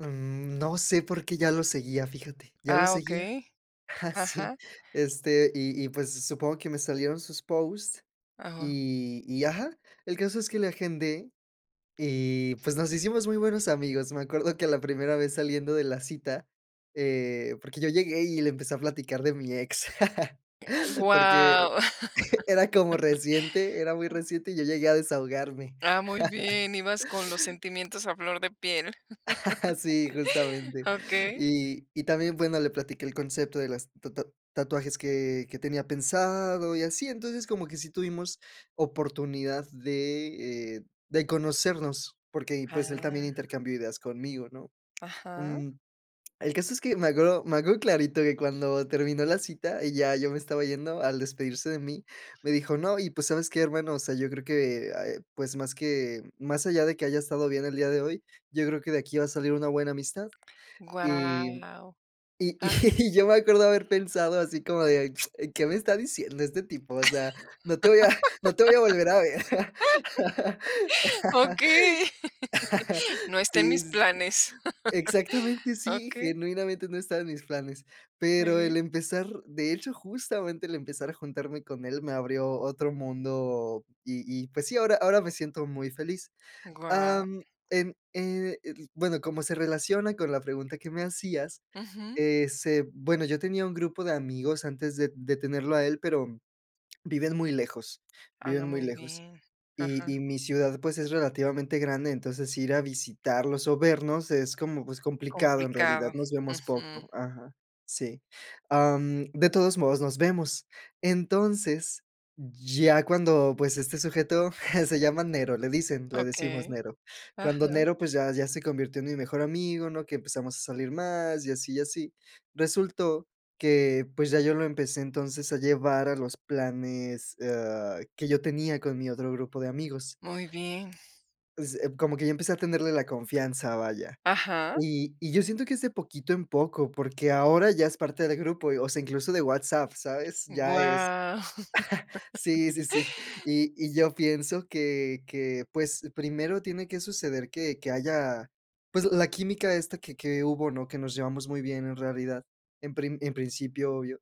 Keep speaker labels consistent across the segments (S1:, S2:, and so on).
S1: Mm, no sé porque ya lo seguía, fíjate, ya lo
S2: Ah,
S1: seguía,
S2: okey,
S1: ah, sí,
S2: ajá.
S1: este, y y, pues, supongo que me salieron sus post,
S2: Ajá.
S1: y y ajá, el caso es que le agendé y, pues, nos hicimos muy buenos amigos, me acuerdo que la primera vez, saliendo de la cita, eh, porque yo llegué y le empecé a platicar de mi ex,
S2: Oh,
S1: porque,
S2: guau.
S1: era como reciente era muy
S2: Mm.
S1: reciente y yo llegué a desahogarme.
S2: Ah, muy bien, ibas con los sentimientos a flor de piel,
S1: Sí, justamente,
S2: okey.
S1: y y también, bueno, le platiqué el concepto de las ta ta tatuajes que que tenía pensado y así, entonces, como que sí tuvimos oportunidad de, eh, de conocernos porque, pues, él también
S2: Ah.
S1: intercambió ideas conmigo, ¿no?,
S2: Ajá.
S1: mm, el caso es que me acuerdo me acuerdo clarito que cuando terminó la cita y ya yo me estaba yendo, al despedirse de mí me dijo: "No, y, pues, ¿sabes qué, hermano?, o sea, yo creo que, eh, pues, más que más allá de que haya estado bien el día de hoy, yo creo que de aquí va salir una buena amistad", y
S2: Guau,
S1: y y
S2: ajá.
S1: yo me acuerdo haber pensado así como de: "¿qué me está diciendo este tipo?, o sea, no te voy a no te voy a volver a ver",
S2: Okey, no está en
S1: sí,
S2: mis
S1: sí, sí,
S2: planes,
S1: exactamente, sí,
S2: okey.
S1: genuinamente no estaba en mis planes, pero
S2: Sí.
S1: el empezar de hecho, justamente el empezar a juntarme con él me abrió otro mundo, y y pues sí, ahora ahora me siento muy feliz, ah,
S2: Guau.
S1: em, eh, el bueno, como se relaciona con la pregunta que me hacías,
S2: Ujú.
S1: eh, se bueno, yo tenía un grupo de amigos antes de de tenerlo a él, pero viven muy lejos,
S2: Habla
S1: viven muy
S2: muy
S1: lejos,
S2: bien,
S1: y
S2: ajá.
S1: y mi ciudad, pues, es relativamente grande, entonces ir a visitarlos o vernos es como, pues, complicado, en
S2: Complicado,
S1: realidad nos vemos
S2: ujú.
S1: poco, ajá, sí, am, de todos modos nos vemos, entonces, ya cuando, pues, este sujeto se llama Nero, le dicen le decimos
S2: Okey,
S1: "Nero", cuando
S2: ajá.
S1: Nero, pues ya ya se convirtió en mi mejor amigo, ¿no?, que empezamos a salir más, y así, y así, resultó que, pues, ya yo lo empecé entonces a llevar a los planes, ah, que yo tenía con mi otro grupo de amigos
S2: Muy bien.
S1: pues, eh, como que yo empecé a tenerle la confianza, vaya,
S2: Ajá.
S1: y y yo siento que es de a poquito en poco, porque ahora ya es parte del grupo, o sea, incluso de WhatsApp, ¿sabes?, ya es
S2: Guau.
S1: Sí, sí, sí, y y yo pienso que que, pues, primero tiene que suceder que que haya, pues, la química esta que que hubo, ¿no?, que nos llevamos muy bien, en realidad, en prim en principio, obvio,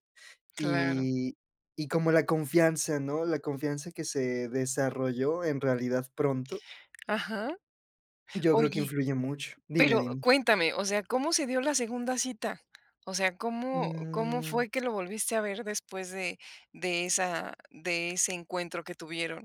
S2: Claro.
S1: y y como la confianza, ¿no?, la confianza que se desarrolló en realidad pronto
S2: Ajá,
S1: yo creo que
S2: oye,
S1: influye mucho, dime,
S2: pero
S1: dime.
S2: cuéntame, o sea, ¿cómo se dio la segunda cita?, o sea, ¿cómo cómo
S1: Mm.
S2: fue que lo volviste a ver después de de esa de ese encuentro que tuvieron?